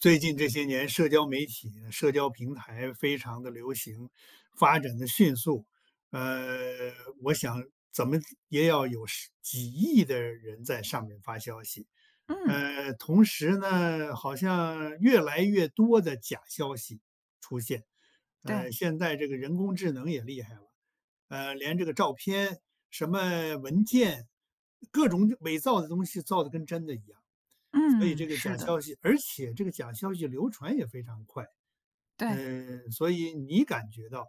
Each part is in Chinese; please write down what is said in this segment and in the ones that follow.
最近这些年社交媒体呢社交平台非常地流行，发展得迅速，呃，我想怎么也要有几亿的人在上面发消息，嗯。呃，同时呢，好像越来越多的假消息出现。对。呃，现在这个人工智能也厉害了，呃，连这个照片，什么文件，各种伪造的东西造的跟真的一样。所以嗯，这个是假的。消息而且这个假消息流传也非常快，对。嗯，所以你感觉到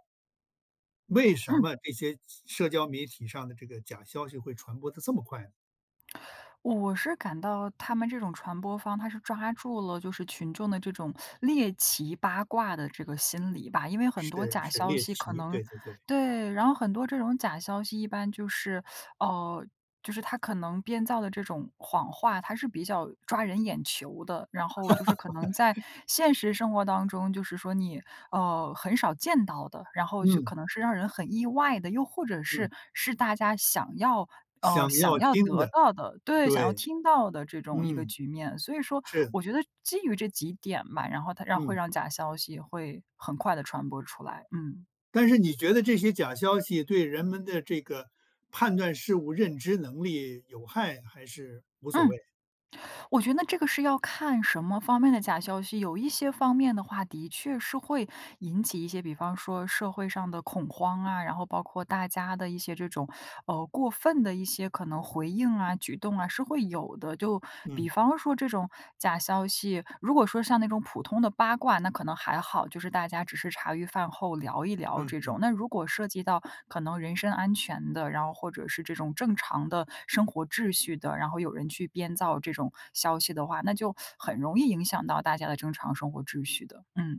为什嗯。么这些社社交媒体上的这个假消息会传播得这么快呢？我是感到他们这种传播方，它是抓住了就是群众的这种 猎奇八卦的这个心理吧，因为很多是假是，消猎息可奇，能对对对。对，然后很多这种假消息一般就是 呃，就是他可能编造的这种谎话，它是比较抓人眼球的，然后就是可能 现实生活当中，就是说你，呃，很少见到的，然后就嗯。可能是让人很意外的，又或者是嗯。是大家想要呃，想想要要听得的，到的，对，想要对。听到的这种一个嗯，局面，所以说是。我觉得基于这几点吧，然后它让会嗯。让假消息会很快地传播出来，嗯。但是你觉得这些假消息对人们的这个，判断事物认知能力有害还是无所嗯，谓？我觉得这个是要看什么方面的假消息，有一些方面的话的确是会引起一些比方说社会上的恐慌啊，然后包括大家的一些这种，呃，过分的一些可能回应啊，举动啊，是会有的。就比嗯。方说这种假消息如果说像那种普通的八卦，那可能还好，就是大家只是茶余饭后聊一聊嗯这嗯。种，那如果涉及到可能人身安全的，然后或者是这种正常的生活秩序的，然后有人去编造这种消息的话，那就 很容易影响到大家的正常生活秩序的，嗯。